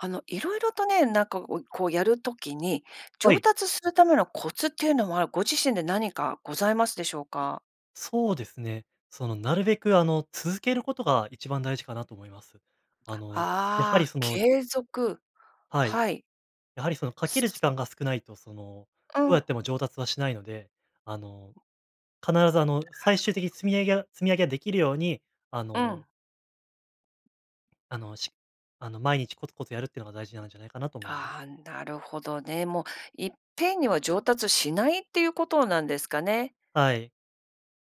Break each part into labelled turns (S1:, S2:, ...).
S1: あの、色々とね、なんかおこう、やる時に、
S2: は
S1: 上
S2: い。
S1: 達するためのコツっていうのは、ご自身で何かございますでしょうか？
S2: そうですね。その、なるべく、あの、続けることが一番大事かなと思います。あの、やは
S1: あ
S2: り、
S1: あ、
S2: その、じ
S1: 継続。
S2: はい、
S1: はい。
S2: やはり、その、かける時
S1: [unintelligible]
S2: 間が少ないと、その、
S1: う
S2: どうや
S1: ん。
S2: っても上達はしないので、あの、必ず、あの、
S1: なる
S2: 最終
S1: ほ
S2: 的に
S1: ど。
S2: 積み上げや積み上げができるように、あ
S1: う
S2: の
S1: ん。
S2: あの、しあの、毎日コツコツやるっていうのが大事なんじゃないかなと思うんです。
S1: あ、なるほどね。も、いっぺんには上達しないっていうことなんですかね。
S2: はい。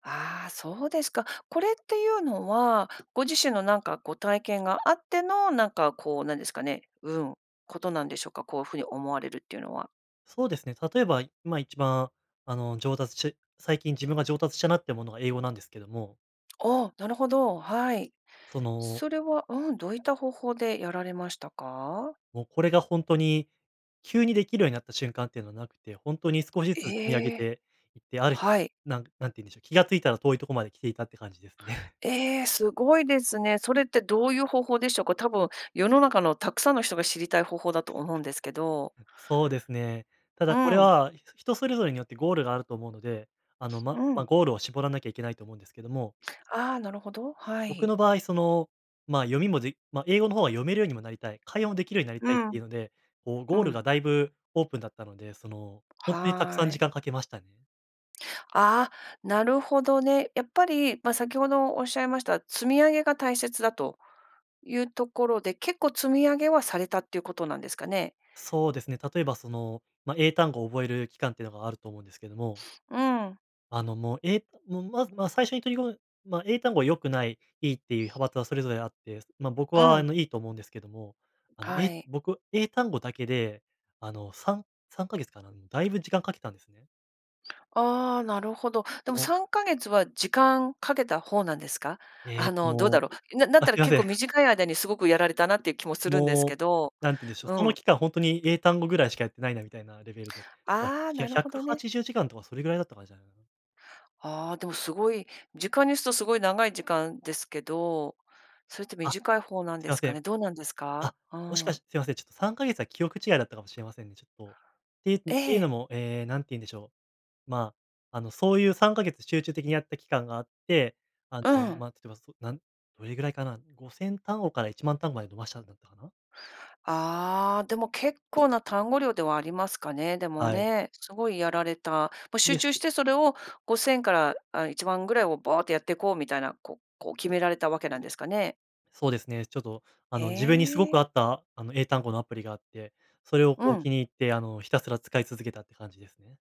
S1: ああ、そうですか。これっていうのは、ご自身の、なんか、こう、体験があっての、なんか、こう、なんですかね、うん、ことなんでしょうか、こう風に思われるっていうのは。
S2: そうですね。例えば今一番、あの、上達し最近自分が上達したなってものが英語なんですけども。
S1: お、なるほど。はい。
S2: その
S1: それはうん、どういった方法でやられましたか？
S2: もうこれがほんとに急にできるようになった瞬間っていうのはなくて、ほんとに少しずつ積み上げ
S1: ええ。
S2: ていって、ある日、
S1: はい。
S2: なん何て言うんでしょう、気がついたら遠いとこまで来ていたって感じですね。
S1: ええ、すごいですね。それってどういう方法でしょうか。多分世の中のたくさんの人が知りたい方法だと思うんですけど。
S2: そうですね。た
S1: う
S2: だこれ
S1: ん。
S2: は、人それぞれによってゴールがあると思うので、あの、ま、
S1: う
S2: ま、
S1: ん。
S2: ゴールを絞らなきゃいけないと思うんですけども
S1: ああ、なるほど、は
S2: 僕
S1: い。
S2: の場合、その、まあ、読みもでま、英語の方は読めるようにもなりたい、会話もできるようになり
S1: う
S2: たいって
S1: ん。
S2: いうので、こう、
S1: う
S2: ゴール
S1: ん。
S2: がだいぶオープンだったので、その、ほんとにたくさん
S1: は
S2: 時
S1: い。
S2: 間かけましたね。
S1: あ、なるほどね。やっぱり、ま、先ほどおっしゃいました積み上げが大切だというところで、結構積み上げはされたっていうことなんですかね？
S2: そうですね、例えば、その、ま、英単語を覚える期間っていうのがあると思うんですけども
S1: うん。
S2: あの、も、えうん、まま最初に取り込む、ま、英単語は良くない、いいっていう派閥はそれぞれあって、ま、僕
S1: う
S2: は、あ
S1: ん。
S2: の、いいと思うんですけども、あの、
S1: は
S2: え
S1: い。
S2: 僕、英単語だけで、あの、3、3ヶ月かな、うん、だいぶ時間かけたんですね。
S1: ああ、なるほど。でも
S2: お。
S1: 3か月は時間かけた方なんですか？
S2: え
S1: あ
S2: え、つ
S1: の、どうだ
S2: も
S1: ろう、なだっ
S2: あ、す
S1: たら
S2: いま
S1: 結
S2: せん。
S1: 構短い間にすごくやられたなっていう気もするんです
S2: もう、
S1: けど。
S2: 何てんでしょう、そ
S1: う
S2: の
S1: ん。
S2: 期間ほんとに英単語ぐらいしかやってないな、みたいなレベルで、ひゃ、
S1: ああ、
S2: ひゃ
S1: な
S2: ひ
S1: る
S2: ゃ
S1: ほ
S2: く
S1: ど
S2: は
S1: ね。
S2: ちじゅうじかんとかそれぐらいだった感じじゃないかな。
S1: ああ、でもすごい、時間にするとすごい長い時間ですけど、それって
S2: あ、
S1: 短い方なん
S2: すい
S1: で
S2: ま
S1: す
S2: せ
S1: か
S2: ん。
S1: ね？どうなんです
S2: あ、
S1: か？う
S2: もしかし
S1: ん。
S2: て、すいません、ちょっと3か月は記憶違いだったかもしれませんね、ちょっと。っていうって、いう
S1: ええ。
S2: のも、え、何て言うんでしょう。ま、あの、そういう3か月集中的にやった期間があって、あ
S1: う
S2: の、
S1: ん。
S2: ま、例えば、その、なん、どれぐらいかな？5000単語から10000単語まで伸ばしたんだったかな。
S1: ああ、でも結構な単語量ではありますかね、でも
S2: はい。
S1: ね。すごいやられた。もう
S2: イ
S1: 集
S2: エス。
S1: 中してそれを5000から、あ、10000ぐらいをバーっとやっていこうみたいな、こう、こう決められたわけなんですかね？
S2: そうですね、ちょっと、あ
S1: へ
S2: の、自分にすご
S1: え。
S2: く合った、あの、英単語のアプリがあって、それを、
S1: う
S2: こう、
S1: ん。
S2: 気に入って、あの、ひたすら使い続けたって感じですね。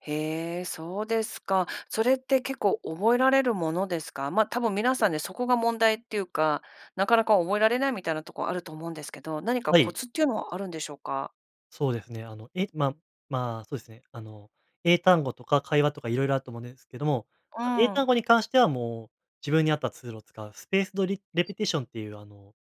S1: へえ、そうですか。それって結構覚えられるものですか？ま、多分皆さんね、そこが問題っていうか、なかなか覚えられないみたいなとこあると思うんですけど、何か
S2: は
S1: コ
S2: い。
S1: ツっていうのはあるんでしょうか？
S2: そうですね。あの、えま、まあ、そうですね、あの、英単語とか会話とか色々あると思うんですけども、
S1: う
S2: 英
S1: ー
S2: 単
S1: ん。
S2: 語に関しては、もう、自分に合ったツールを使う、スペースドリレペティションっていう、あの、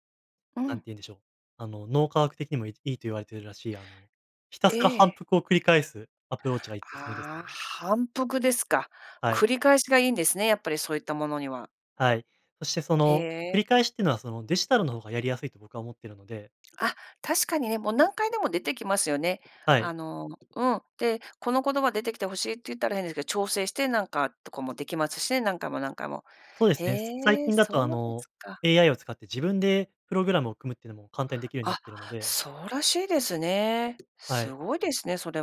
S1: う
S2: なんて
S1: ん。
S2: 言うんでしょう、あの脳科学的にもいいいと言われているらしい、あの、ひた
S1: え
S2: すら反
S1: え。
S2: 復を繰り返すアプローチがいおすすめです
S1: ああ、
S2: ね。
S1: 反復ですか。
S2: はい。
S1: 繰り返しがいいんですね、やっぱりそういったものには。
S2: はい。そして、そ
S1: へ
S2: の、繰り
S1: え。
S2: 返しってのは、その、デジタルの方がやりやすいと僕は思っているので。
S1: あ、確かにね、もう何回でも出てきますよね。
S2: はい。
S1: あのうん。で、この言葉出てきて欲しいって言ったら、変ですけど、調整して、なんか、とかも出来ますしね、何回も何回も。
S2: そうですね。最
S1: へえ、
S2: 近だ
S1: そ
S2: とあ
S1: うです
S2: の、
S1: か。
S2: AI を使って自分でプログラムを組むっていうのも簡単に出来るようにな
S1: あ、
S2: っているので。
S1: そうらしいですね。
S2: はい。
S1: すごいですね、それ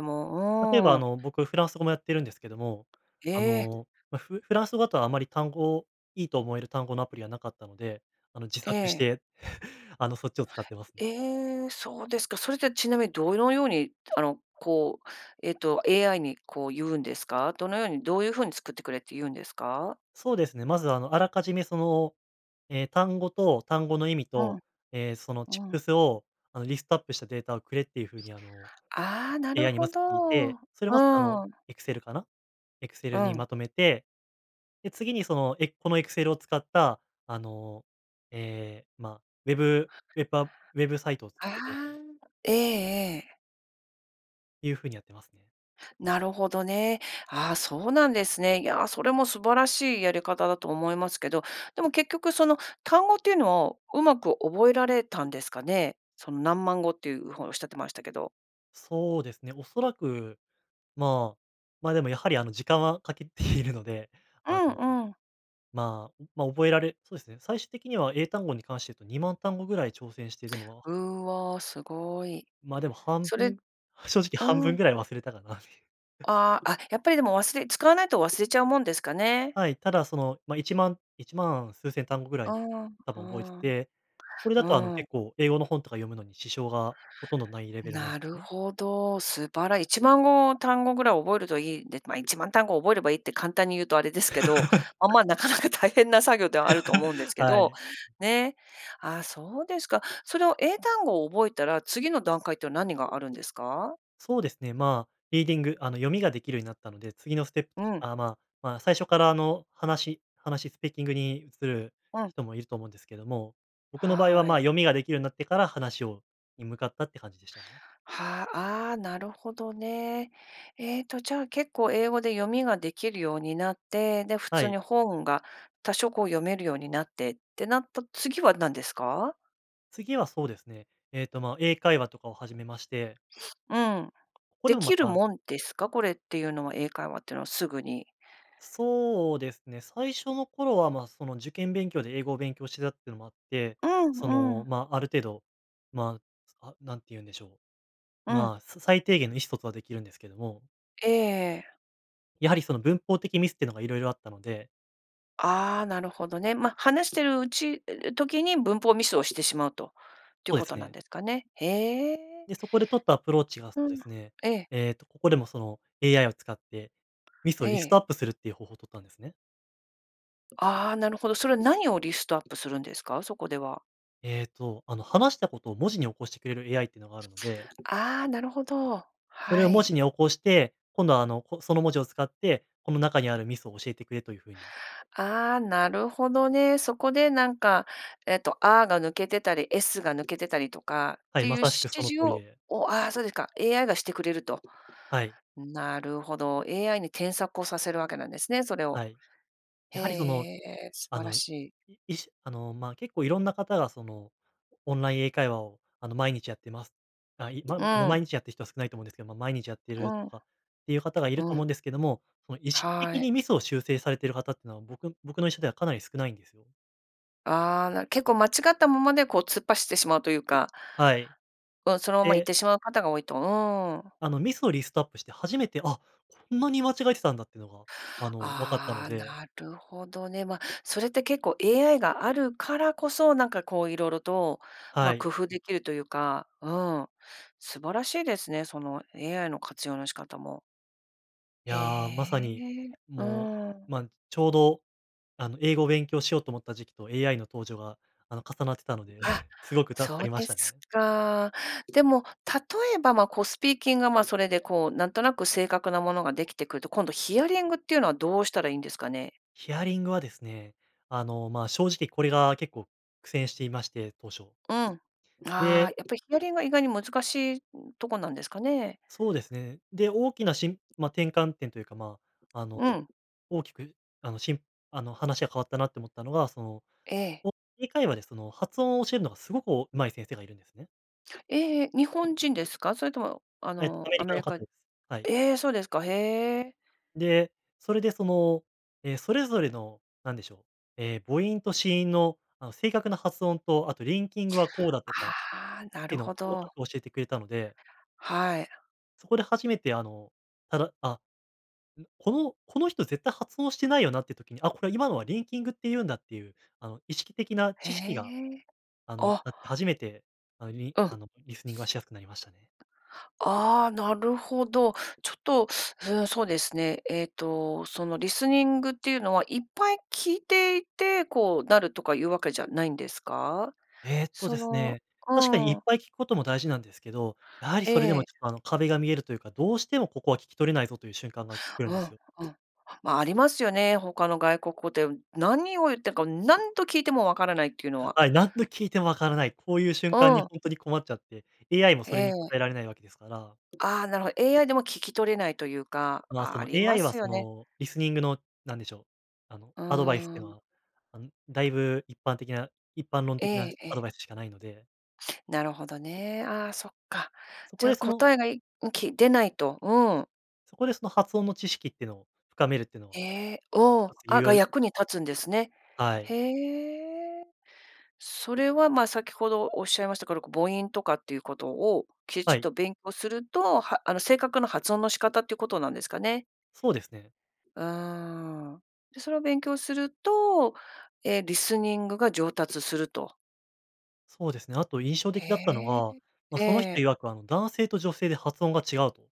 S2: 例えば
S1: も。う
S2: あ
S1: ーん。
S2: の、僕、フランス語もやってるんですけども、あ
S1: ええ。
S2: の、ま、フフランス語だとあまり単語、いいと思える単語のアプリは無かったので、あの、自作し
S1: ええ。
S2: て、あの、そっちを使ってますね。
S1: ええ、そうですか。それってちなみにどのように、あの、こう、えっと、AI に、こう、言うんですか？どのように、どういう風に作ってくれって言うんですか？
S2: そうですね。まず、あの、あらかじめ、その、え、単語と単語の意味
S1: うん。
S2: と、え、そのチッ
S1: う
S2: プ
S1: ん。
S2: スを、あの、リストアップしたデータをくれっていう風に、あの、
S1: ああ、なる
S2: AI にま
S1: ほ
S2: ず
S1: ど。
S2: 聞い
S1: う
S2: て、それをまず、あの、
S1: ーん。
S2: エクセルかな？エクセ
S1: う
S2: ルに
S1: ん。
S2: まとめて、で、次にその、エｰｰこのエクセルを使った、あの、え、ま、ウェブウェブアプウェブサイトを作
S1: あ
S2: ってくれと。
S1: あ、ええ。
S2: いうふうにやってますね。
S1: なるほどね。ああ、そうなんですね。いや、それも素晴らしいやり方だと思いますけど、でも結局、その、単語っていうのを上手く覚えられたんですかね。その何万語っていうほうおっしゃってましたけど。
S2: そうですね、おそらく、ま、ま、でも、やはり、あの、時間は掛けて いるので、
S1: う
S2: あの、
S1: ん、うん。
S2: ま、ま、覚えられそうですね。最終的には英単語に関して言うと2万単語ぐらい挑戦してでも
S1: うわ、すごい。
S2: ま、でも半
S1: それ
S2: 分、正直半
S1: う
S2: 分ぐ
S1: ん。
S2: らい忘れたかなみ
S1: ああ、あ、やっぱりでも忘れ使わないと忘れちゃうもんですかね。
S2: はい。ただ、その、ま、1万、1万数千単語ぐら
S1: うー
S2: い
S1: ん、う
S2: 多
S1: ー
S2: 分覚えて
S1: ん、
S2: て、これだと、あの、
S1: うーん。
S2: 結構、英語の本とか読むのに支障がほとんどないレベルなん
S1: な
S2: です
S1: る
S2: ね。
S1: ほど。素晴ら1万語、単語ぐらい覚えるといいんで、ま、1万単語覚えればいいって簡単に言うとあれですけど、あ、ま、なかなか大変な作業ではあると思うんです け
S2: は
S1: ど、
S2: い。
S1: ね。あ、そうですか。それを、英単語を覚えたら、次の段階っての何があるんですか？
S2: そうですね、ま、リーディング、あの、読みができるようになったので、次のステップ、
S1: うん。
S2: あ、まま、最初から、あの、話話スピーキングに移る
S1: うん。
S2: 人もいると思うんですけども、僕の場合は、
S1: は
S2: ま、
S1: い。
S2: 読みができるようになってから話をに向かったって感じでしたね。
S1: は、ああ、なるほどね。えっと、じゃあ結構、英語で読みができるようになって、で、普
S2: は
S1: 通
S2: い。
S1: に本が多少、こう、読めるようになってってなった次は何ですか？
S2: 次はそうですね。えっと、ま、英会話とかを始めまして
S1: うん。
S2: ここ
S1: 出
S2: でもま
S1: 来る
S2: た
S1: もんですか？これっていうのは、英会話ってのはすぐに。
S2: そうですね。最初の頃は、ま、その、受験勉強で英語を勉強してたってのもあって、
S1: うん、
S2: そ
S1: う
S2: の、
S1: ん。
S2: ま、ある程度、ま、あ、何て言うんでしょう、
S1: うん。
S2: まあ、さ最低限の意思疎通は出来るんですけども
S1: ええ。
S2: やはりその文法的ミスってのが色々あったので
S1: ああ、なるほどね。ま、話してるうち時に、文法をミスをしてしまうと。っていう
S2: そう
S1: こ
S2: です
S1: となん
S2: ね。
S1: ですかね。へえ。
S2: で、そこで取ったアプローチが、そ
S1: う
S2: うで
S1: ん。
S2: すね、
S1: ええ。
S2: えっと、ここでも、その、AI を使って、ミスを
S1: え
S2: リストア
S1: え。
S2: ップするっていう方法を取ったんですね。
S1: ああ、なるほど。それは何をリストアップするんですか？そこでは。
S2: えっと、あの、話したことを文字に起こしてくれる AI ってのがあるので
S1: ああ、なるほど。
S2: それ
S1: は
S2: を文
S1: い。
S2: 字に起こして、今度は、あの、こその文字を使って、この中にあるミスを教えてくれという風に。
S1: ああ、なるほどね。そこで、なんか、えっと、A が抜けてたり、S が抜けてたりとかっ
S2: はい、
S1: ていう
S2: ま
S1: 指
S2: さしくその
S1: 示
S2: 通り
S1: を
S2: で。
S1: お、ああ、そうですか、AI がしてくれると。
S2: はい。
S1: なるほど、AI に添削をさせるわけなんですね、それを。
S2: はい。
S1: へ
S2: やはり、その、
S1: え、素
S2: あ
S1: 晴ら
S2: の、い
S1: しい。
S2: 意志、あの、ま、結構色んな方が、その、「オンライン英会話を、あの、毎日やってます」、あ、い、ま
S1: う
S2: 毎
S1: ん。
S2: 日やってる人は少ないと思うんですけど、ま、毎日やってい
S1: う
S2: ると
S1: ん。
S2: かっていう方がいると
S1: う
S2: 思うん
S1: ん。
S2: ですけども、その、意識
S1: は
S2: 的
S1: い。
S2: にミスを修正されてる方っていうのは僕僕の [unintelligible] ではかなり少ないんですよ。
S1: ああ、なる結構間違ったままでこう突っ走ってしまうというか。
S2: はい。
S1: うん、そのまま行っ
S2: で
S1: てしまう方が多いと、うーん。
S2: あのミスをリストアップして初めて、あ、こんなに間違えてたんだっていうのが、あの、分かったの
S1: ああ、
S2: で。
S1: なるほどね。ま、それって結構 AI があるからこそ、なんか、こう、色々と、ま、
S2: はい。
S1: 工夫できるというか、うん。素晴らしいですね、その AI の活用の仕方も。
S2: い
S1: へ
S2: や、まさに、
S1: え、う
S2: も
S1: ー
S2: う、
S1: ん。
S2: ま、ちょうど、あの、英語を勉強しようと思った時期と AI の登場が、あの、重なってたので、
S1: あ、
S2: すごく助か
S1: そう
S2: りま
S1: で
S2: した
S1: す
S2: ね。
S1: か。でも、例えば、ま、こう、スピーキングが、ま、それで、こう、なんとなく正確なものができてくると、今度ヒアリングっていうのはどうしたらいいんですかね？
S2: ヒアリングはですね、あの、まあ、正直これが結構苦戦していまして、当初。
S1: うん。ああ、
S2: で
S1: やっぱりヒアリングが意外に難しいとこなんですかね。
S2: そうですね。で、大きなしんま、転換点というか、まあ、あの、
S1: うん。
S2: 大きく、あの、しんあの、話が変わったなと思ったのが、その、
S1: ええ。
S2: オン英会話でその発音を教えるのがすごくお上手い先生がいるんですね。
S1: ええ、日本人ですか？それとも、あ
S2: え、ア
S1: の、
S2: メ
S1: ア
S2: リカ
S1: メ
S2: の
S1: リ
S2: 方
S1: カ
S2: です。はい。
S1: ええ、そうですか、へえ。
S2: で、それで、その、え、それぞれの、なんでしょう、ええ、母音と子音の、あの、正確な発音と、あとリンキングはこうだとかっ
S1: ああ、なる
S2: ての
S1: ほ
S2: を細か
S1: ど。
S2: く教えてくれたので
S1: はい。
S2: そこで初めて、あの、ただあ、う、このこの人絶対発音してないよなっていう時に、あ、これは今のはリンキングって言うんだっていう、あの、意識的な
S1: へ
S2: 知識が、
S1: え、
S2: あの、
S1: あ。
S2: あって初めて、あ、リ
S1: うん。
S2: あの、リスニングはしやすくなりましたね。
S1: ああ、なるほど。ちょっと、うーん、そうですね、えっと、その、リスニングっていうのは、いっぱい聞いていて、こう、なるとかいうわけじゃないんですか？
S2: えっと
S1: そ
S2: です
S1: の
S2: ね、
S1: う
S2: 確かにいっ
S1: ーん。
S2: ぱい聞くことも大事なんですけど、やはりそれで
S1: え
S2: も
S1: え。
S2: ちょっと、あの、壁が見えるというか、どうしてもここは聞き取れないぞという瞬間が来る
S1: う
S2: んで
S1: ん、
S2: すよ。
S1: うん。まあ、ありますよね、他の外国語で。何を言ってるか、何度聞いてもわからないっていうのは。
S2: はい、何度聞いてもわからない、こういう瞬間
S1: う
S2: に
S1: ん。
S2: ほんとに困っちゃって。AI もそれ
S1: え
S2: に
S1: え。
S2: 答えられないわけですから。
S1: ああ、なるほど。AI でも聞き取れないというか。
S2: まあ、そ
S1: あ
S2: の、
S1: りま
S2: AI は、
S1: すよ
S2: そ
S1: ね。
S2: の、リスニングの、何でしょう、あの、
S1: う
S2: アドバイスって
S1: ー
S2: いうの
S1: ん。
S2: は、あの、だいぶ一般的な一般論
S1: え
S2: 的な
S1: え、
S2: アド
S1: え。
S2: バイスしかないので。
S1: なるほどね。ああ、そっか。
S2: そこ
S1: じゃ、
S2: でその
S1: 答えがいん、き出ないと、うん。
S2: そこでその発音の知識っていうのを深めるっていうの
S1: へ
S2: は、
S1: え、うん、
S2: 一つ
S1: あ
S2: 有
S1: が
S2: 用
S1: 役に立つんですね。
S2: はい。
S1: へえ。それは、ま、先ほどおっしゃいましたから、こ母音とかっていうことを、きち
S2: は
S1: っ
S2: い。
S1: と勉強すると、はあの、正確な発音の仕方っていうことなんですかね。
S2: そうですね。
S1: うーん、で、それを勉強すると、ええ、リスニングが上達すると。
S2: そうですね。あと、印象的だったの
S1: へ
S2: が、
S1: え、
S2: ま、
S1: え
S2: その人
S1: え。
S2: 曰く、あの、男性と女性で発音が違うと。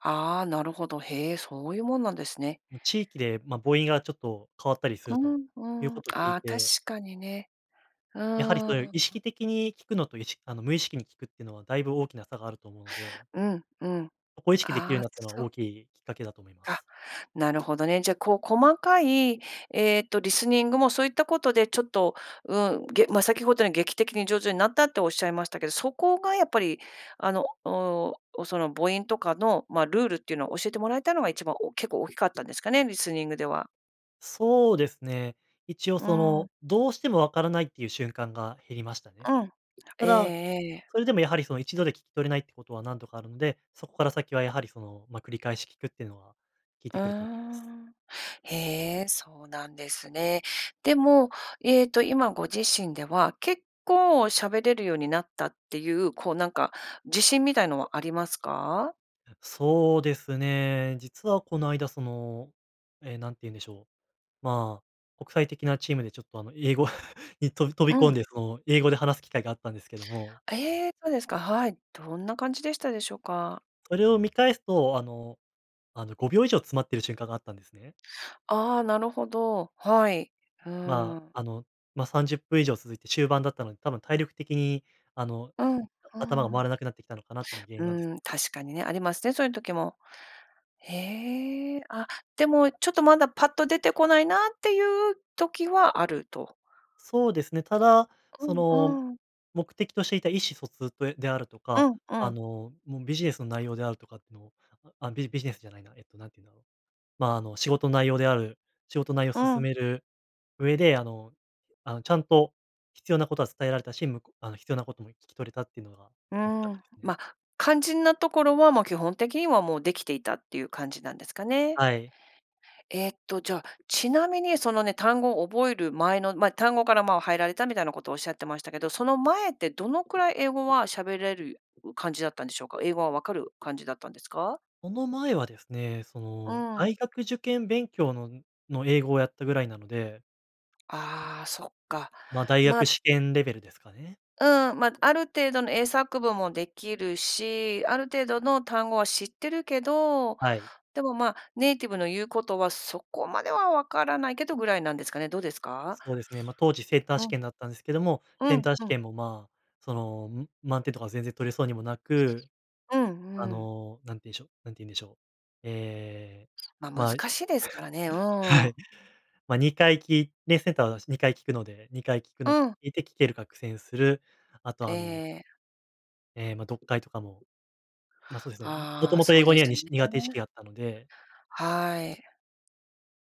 S1: ああ、なるほど。へえ、そういうもんなんですね。
S2: ま、地域で、ま、母音がちょっと変わったりす
S1: う
S2: ると
S1: ん、
S2: いう
S1: うん、
S2: ことを聞
S1: あ
S2: い
S1: あ、確
S2: て
S1: かにね。う
S2: やはりそういう
S1: ー
S2: 意
S1: ん。
S2: 識的に聞くのといしあの、無意識に聞くっていうのはだいぶ大きな差があると思うので。
S1: うん、うん、
S2: ここを意識できるよ
S1: あ
S2: うに
S1: あ、
S2: なったのは
S1: そ
S2: 大きいきっかけだと思いま
S1: か、
S2: す。
S1: なるほどね。じゃ、こう、細かい、えっと、リスニングもそういったことでちょっと、うん、げま、先ほどに劇的に上手になったっておっしゃいましたけど、そこが、やっぱり、あの、おお、その母音とかの、ま、ルールっていうのを教えてもらえたのが一番お結構大きかったんですかね、リスニングでは。
S2: そうですね。一応
S1: う
S2: その、
S1: ん。
S2: どうしても分からないっていう瞬間が減りましたね。
S1: うん、
S2: た
S1: ええ
S2: だ、
S1: ええ。
S2: それでもやはり、その1度で聞き取れないってことは何度かあるので、そこから先はやはりその、ま繰り返し聞くっていうのは、効い
S1: うー
S2: てくると思います。
S1: ん。へえ、そうなんですね。でも、ええと、今ご自身では、結構喋れるようになったっていう、こうなんか、自信みたいのはありますか？
S2: あ、そうですね。実はこの間、その、え、なんて言うんでしょう、まあ、国際的なチームでちょっとあの、英語 に、とび飛
S1: う
S2: び込ん
S1: ん。
S2: で、その英語で話す機会があったんですけども
S1: ええ、そうですか、はい。どんな感じでしたでしょうか？
S2: それを見返すと、あのあの5秒以上詰まってる瞬間があったんですね。
S1: ああ、なるほど。はい、うー
S2: ま
S1: ん。
S2: あ、あの、ま30分以上続いて終盤だったので、多分体力的に、あの、
S1: うん、う
S2: あ
S1: ー
S2: 頭が
S1: ん。
S2: 回らなくなってきたのかなってのが原因なんですよ。
S1: うーん、確かにね、ありますね、そういう時も。へえ、あ、でもちょっとまだパッと出てこないなっていう時はあると。
S2: そうですね。ただ、
S1: こ
S2: そ
S1: んう
S2: の
S1: ーん。
S2: 目的としていた意思疎通とであると
S1: う
S2: か、
S1: ん、う
S2: あ
S1: ん。
S2: の、も、ビジネスの内容であるとかっての、あ、ビビジネスじゃないな、えっと何て言うんだろう、ま、あの仕事内容である仕事内容
S1: う
S2: 進
S1: ん。
S2: める上で、あのあのちゃんと必要なことは伝えられたし、むこあの必要なことも聞き取れたっていうのが
S1: う
S2: 大きかっ
S1: ー
S2: た
S1: ん、
S2: ですね。
S1: ま、肝心なところは、ま、基本的にはもうできていたっていう感じなんですかね。
S2: はい。
S1: えっとじゃ、ちなみにそのね、単語を覚える前の、ま、単語から、ま、入られたみたいなことおっしゃってましたけど、その前ってどのくらい英語は喋れる感じだったんでしょうか？英語は分かる感じだったんですか？
S2: その前はですね、そ
S1: う
S2: の
S1: ん。
S2: 大学受験勉強のの英語をやったぐらいなので
S1: ああ、そっか、
S2: ま、大
S1: ま
S2: 学試験レベルですかね。
S1: うん、ま、ある程度の英作文もできるし、ある程度の単語は知ってるけど、
S2: はい。
S1: でも、ま、ネイティブの言うことはそこまでは分からないけどぐらいなんですかね、どうですか？
S2: そうですね。ま、当時センター
S1: う
S2: 試
S1: ん。
S2: 験だったんですけども、
S1: う
S2: セン
S1: ん、
S2: ター
S1: う
S2: 試
S1: ん。
S2: 験も、ま、その、ん、満点とか全然取れそうにもなく。
S1: うん、
S2: あ
S1: うん。
S2: の、何て言うんでしょう何て言うんでしょう、ええ、
S1: ま、難
S2: ま
S1: しいですからね、うー
S2: は
S1: ん。
S2: い、ま、2回聞いねセンターはたし、2回聞くので、2回聞くの
S1: うん。
S2: いて聞けるか苦戦する。あと
S1: ええ
S2: あの
S1: ええ。
S2: ええ、ま、読解とかも、ま、そうですね。ん、も
S1: あ
S2: と
S1: あ、
S2: もと
S1: そ
S2: 英
S1: う
S2: 語
S1: で
S2: には、
S1: す
S2: に
S1: ね。
S2: し苦手意識があったので
S1: はい。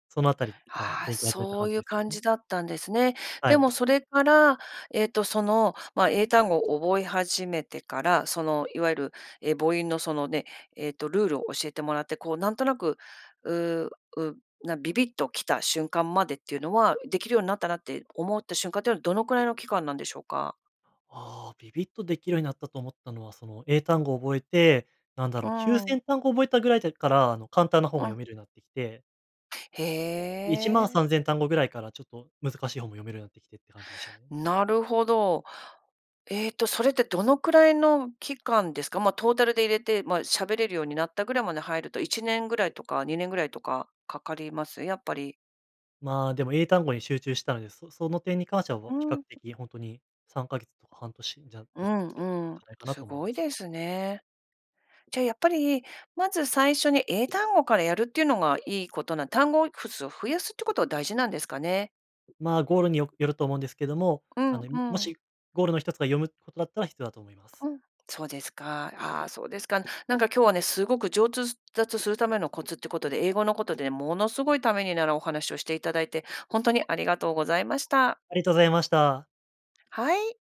S2: そのあたりから
S1: ああ、
S2: 勉強始めた
S1: そ
S2: 感
S1: う
S2: じ
S1: いう
S2: ですよ
S1: 感
S2: ね。
S1: じだったんですね。
S2: は
S1: で
S2: い。
S1: もそれから、えっと、その、ま、英単語を覚え始めてから、その、いわゆる、え、母音のその、ね、えっと、ルールを教えてもらって、こうなんとなく、うう、う、な、ビビッと来た瞬間までっていうのはできるようになったなって思った瞬間ってのはどのくらいの期間なんでしょうか？
S2: ああ、ビビっとできるようになったと思ったのは、その、英単語を覚えて、なんだ
S1: う
S2: ろう、きゅう
S1: ー
S2: せ
S1: ん。
S2: んたんご覚えたぐらい時から、あの、簡単な本が
S1: うん。
S2: 読めるようになってきて
S1: へ
S2: いちまんさ
S1: え。
S2: んぜんたんごぐらいからちょっと、難しい本も読めるようになってきてって感じでしたね。
S1: なるほど。ええと、それってどのくらいの期間ですか？ま、トータルで入れて、ま、喋れるようになったぐらいまで入ると、1年ぐらいとか2年ぐらいとか、かかります？やっぱり。
S2: まあ、でも英単語に集中したので、そ、その点に関しては
S1: う
S2: を、比
S1: ー
S2: 較
S1: ん。
S2: 的ほんとに3か月とか半年じゃ、だっ
S1: う
S2: た、だ
S1: ん
S2: ったん
S1: う
S2: じ
S1: ん。
S2: ゃないかな
S1: す
S2: と思い
S1: ご
S2: ま
S1: い
S2: す。
S1: ですね。じゃ、やっぱり、まず最初に英単語からやるっていうのがいいことな単語をふ数を増やすってことが大事なんですかね。
S2: まあ、ゴールによよると思うんですけども、
S1: う
S2: あ
S1: ん
S2: の、いん
S1: う
S2: も
S1: ん。
S2: しゴールの一つが読むことだったら必要だと思います。
S1: うん、そうですか。ああ、そうですか。なんか今日はね、すごく上達するためのコツってことで、英語のことで、ものすごいためになるお話をしていただいて、ほんとにありがとうございました。
S2: ありがとうございました。
S1: はい。